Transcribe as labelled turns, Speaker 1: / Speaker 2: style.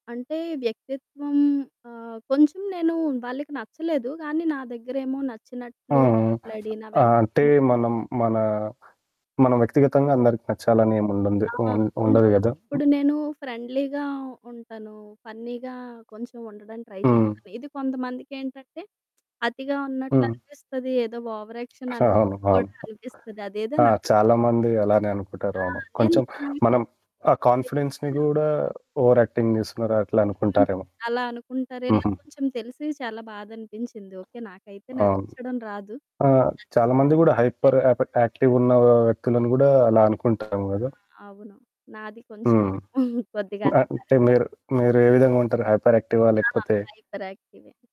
Speaker 1: అంటే వ్యక్తిత్వం ఆహ్, కొంచెం నేను వాళ్ళకి నచ్చలేదు. కానీ నా దగ్గరేమో
Speaker 2: ఆ!
Speaker 1: నచ్చినట్లు మాట్లాడి నా
Speaker 2: ఆ! అంటే
Speaker 1: వెనకేమో
Speaker 2: మనం మనా, మన వ్యక్తిగతంగా అందరికి నచ్చాలని ఏమి ఉండంద్దు
Speaker 1: ఆ!
Speaker 2: ఉం
Speaker 1: ఉండ్
Speaker 2: ఉండదు కదా! హ్మ్.
Speaker 1: ఇప్పుడు నేను ఫ్రెండ్లీగా ఉంటాను. ఫన్నీగా కొంచెం ఉండడానికి ట్రై
Speaker 2: హ్మ్.
Speaker 1: చేస్తాను. ఇది కొంతమందికేంటంటే అతిగా
Speaker 2: హ్మ్.
Speaker 1: ఉన్నట్లనిపిస్తది. ఏదో ఓవర్ యాక్షన్
Speaker 2: అస అవును.
Speaker 1: అన్నట్లు
Speaker 2: అవును.
Speaker 1: కూడా అనిపిస్తది. అదేదో
Speaker 2: ఆ! చాలా
Speaker 1: నాకేంటంటే
Speaker 2: మంది అలానే అనుకుంటారు.
Speaker 1: ఆ!
Speaker 2: అవును. కొంచెం మనం
Speaker 1: [unintelligible]
Speaker 2: ఆ కాన్ఫిడెన్స్‌ని
Speaker 1: తెలిపాను.
Speaker 2: కూడా ఓవర్ యాక్టింగ్ చేస్తున్నారా అట్లా
Speaker 1: హ్మ్.
Speaker 2: అనుకుంటారేమో!
Speaker 1: అలా అనుకుంటారు. ఇలా
Speaker 2: హుహు.
Speaker 1: కొంచెం తెలిసి చాలా బాధనిపించింది. ఓకే. నాకైతే
Speaker 2: అవును.
Speaker 1: నటించడం రాదు.
Speaker 2: ఆహ్,
Speaker 1: నచ్చలేదు
Speaker 2: చాలా మంది
Speaker 1: అంటే
Speaker 2: కూడా హైపర్
Speaker 1: నేను
Speaker 2: యాప్ యాక్టివ్‌గున్న
Speaker 1: అ
Speaker 2: వ్యక్తులని కూడా అలా అనుకుంటాం కదా!
Speaker 1: ఆ! అవును. నాది కొంచెం
Speaker 2: హ్మ్.
Speaker 1: కొద్దిగా అది
Speaker 2: అంటే
Speaker 1: కలుస్తుంది.
Speaker 2: మీరు, మీరు ఏ విధంగుంటారు హైపర్ యాక్టివా?
Speaker 1: ఆ!
Speaker 2: లేకపోతే
Speaker 1: హైపర్ యాక్టివే.